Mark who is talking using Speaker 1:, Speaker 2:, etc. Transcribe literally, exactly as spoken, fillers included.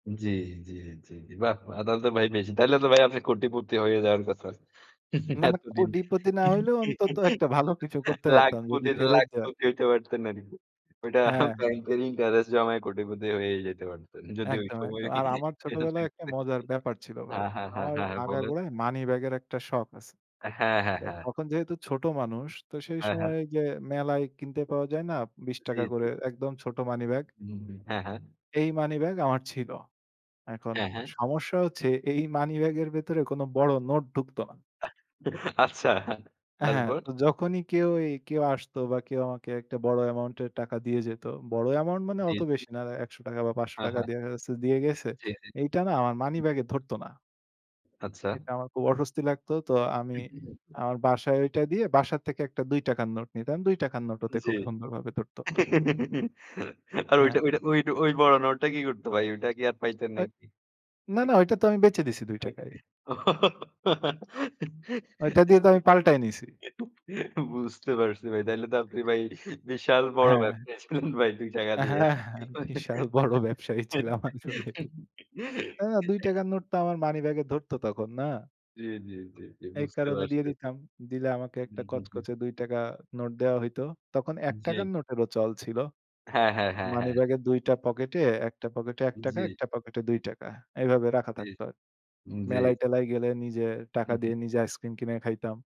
Speaker 1: জী, জী, জী, বাহ! আদালতে ভাই বেশি। তাইলে তো ভাই আপনি কোটিপতি হয়ে যাওয়ার কথা।
Speaker 2: না, না,
Speaker 1: এতদিনে
Speaker 2: কোটিপতি না হইলেও অন্তত একটা ভালো কিছু করতে পারতাম যদি
Speaker 1: লাখপতি,
Speaker 2: ফেরত দেয়।
Speaker 1: লাখপতি হইতে পারতেন আর কি। ওইটা
Speaker 2: হ্যাঁ।
Speaker 1: ব্যাংকের ইন্টারেস্ট জমায় কোটিপতি হয়ে যেতে পারতেন। যদি ওই
Speaker 2: একদম,
Speaker 1: সময়
Speaker 2: একদম। আর আমার ছোটবেলায় একটা
Speaker 1: [unintelligible]
Speaker 2: মজার ব্যাপার ছিল ভাই।
Speaker 1: হ্যাঁ, হ্যাঁ, হ্যাঁ,
Speaker 2: আমার
Speaker 1: হ্যাঁ বলেন।
Speaker 2: আগাগোড়ায় মানিব্যাগের একটা শখ আছে।
Speaker 1: হ্যাঁ, হ্যাঁ,
Speaker 2: তো
Speaker 1: হ্যাঁ।
Speaker 2: তখন যেহেতু ছোট মানুষ তো সেই
Speaker 1: হ্যাঁ, হ্যাঁ।
Speaker 2: সময় যে মেলায় কিনতে পাওয়া যায় না বিশ
Speaker 1: জী,
Speaker 2: টাকা করে
Speaker 1: জী।
Speaker 2: একদম ছোট মানিব্যাগ?
Speaker 1: উহুম, হ্যাঁ, হ্যাঁ।
Speaker 2: এই মানিব্যাগ আমার ছিল। এখন
Speaker 1: হ্যাঁ, হ্যাঁ।
Speaker 2: সমস্যা হচ্ছে এই মানিব্যাগের ভেতরে কোন বড় নোট ঢুকতো না।
Speaker 1: আচ্ছা,
Speaker 2: এ হ্যাঁ,
Speaker 1: তারপর?
Speaker 2: তো যখনই কেউ এ কেউ আসত বা কেউ আমাকে একটা বড় অ্যামাউন্টের টাকা দিয়ে যেত, বড় অ্যামাউন্ট মানে
Speaker 1: জী,
Speaker 2: অত
Speaker 1: জী।
Speaker 2: বেশি না একশ টাকা বা পাঁচশ
Speaker 1: হ্যাঁ,
Speaker 2: টাকা
Speaker 1: হ্যাঁ।
Speaker 2: দেখা গেছে দিয়ে গেছে।
Speaker 1: জী, জী,
Speaker 2: এইটা না আমার
Speaker 1: হুম।
Speaker 2: মানিব্যাগ এ ধরত না।
Speaker 1: আচ্ছা।
Speaker 2: এটা আমার খুব অস্বস্তি লাগতো। তো আমি
Speaker 1: [unintelligible]
Speaker 2: আমার বাসায় ঐটা দিয়ে বাসা থেকে একটা দুই টাকা নোট নিতাম। দুই টাকা নোট ওতে
Speaker 1: জী,
Speaker 2: খুব সুন্দরভাবে ধরত।
Speaker 1: আর ঐটা,
Speaker 2: হ্যাঁ।
Speaker 1: ঐটা, ঐটা ওই বড় নোটটা কি করত ভাই? ওই টা কি আর পাইতেন
Speaker 2: আ
Speaker 1: নাকি?
Speaker 2: না, না ঐটা তো আমি বেচে দিছি দুই টাকায়। ঐটা দিয়ে তো আমি পাল্টায় নিছি।
Speaker 1: [unintelligible] বুঝতে পারছি ভাই। তাইলে তো আপনি ভাই বিশাল বড়
Speaker 2: হ্যাঁ।
Speaker 1: ব্যবসায়ী ছিলেন ভাই দুই টাকা দিয়ে।
Speaker 2: হ্যাঁ, হ্যাঁ। বিশাল বড় ব্যবসায়ী ছিলাম আসলেই। না, না দুই টাকা নোট তো আমার মানিব্যাগে ধরত তখন, না?
Speaker 1: জী, জী, জী, জী
Speaker 2: এই
Speaker 1: বুঝতে
Speaker 2: কারণে দিয়ে
Speaker 1: পারছি।
Speaker 2: দিতাম। দিলে আমাকে
Speaker 1: হুম,
Speaker 2: একটা
Speaker 1: হুম, হুম।
Speaker 2: কচকচে দুই টাকা নোট দেওয়া হইত। তখন এক টাকা
Speaker 1: জী।
Speaker 2: নোটেরও চল ছিল।
Speaker 1: হ্যাঁ, হ্যাঁ, হ্যাঁ, হ্যাঁ।
Speaker 2: মানিব্যাগের দুইটা পকেটে একটা পকেটে এক টাকা,
Speaker 1: জী।
Speaker 2: একটা পকেটে দুই টাকা। এভাবে রাখা
Speaker 1: জী
Speaker 2: থাকতো আরকি।
Speaker 1: উম জী।
Speaker 2: মেলায় টেলায় গেলে নিজে টাকা
Speaker 1: উহুম।
Speaker 2: দিয়ে নিজে আইসক্রিম কিনে খাইতাম।